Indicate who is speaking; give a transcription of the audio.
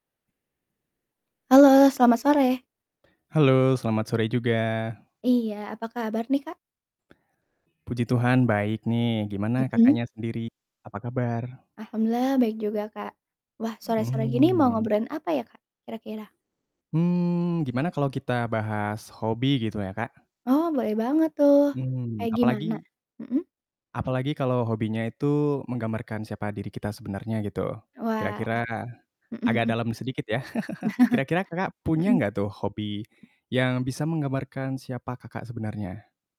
Speaker 1: Halo, selamat sore.
Speaker 2: Halo, selamat sore juga.
Speaker 1: Iya. Apa kabar nih, Kak?
Speaker 2: Puji Tuhan, baik nih. Gimana
Speaker 1: Mhm.
Speaker 2: Kakaknya sendiri, apa kabar?
Speaker 1: Alhamdulillah, baik juga, Kak. Wah,
Speaker 2: Mhm,
Speaker 1: sore-sore gini mau
Speaker 2: mmm.
Speaker 1: ngobrolin apa ya, Kak, kira-kira?
Speaker 2: Mmm, gimana kalau kita bahas hobi gitu ya, Kak?
Speaker 1: Oh, boleh banget tuh,
Speaker 2: Mmm,
Speaker 1: kayak gimana?
Speaker 2: apalagi
Speaker 1: Mhm?
Speaker 2: apalagi kalau hobinya itu menggambarkan siapa diri kita sebenarnya gitu.
Speaker 1: Wah, ah,
Speaker 2: Kira-kira,
Speaker 1: mhm
Speaker 2: agak
Speaker 1: mhm.
Speaker 2: dalam sedikit, ya. Kira-kira Kakak punya
Speaker 1: Mhm.
Speaker 2: nggak tuh hobi yang bisa menggambarkan siapa Kakak sebenarnya?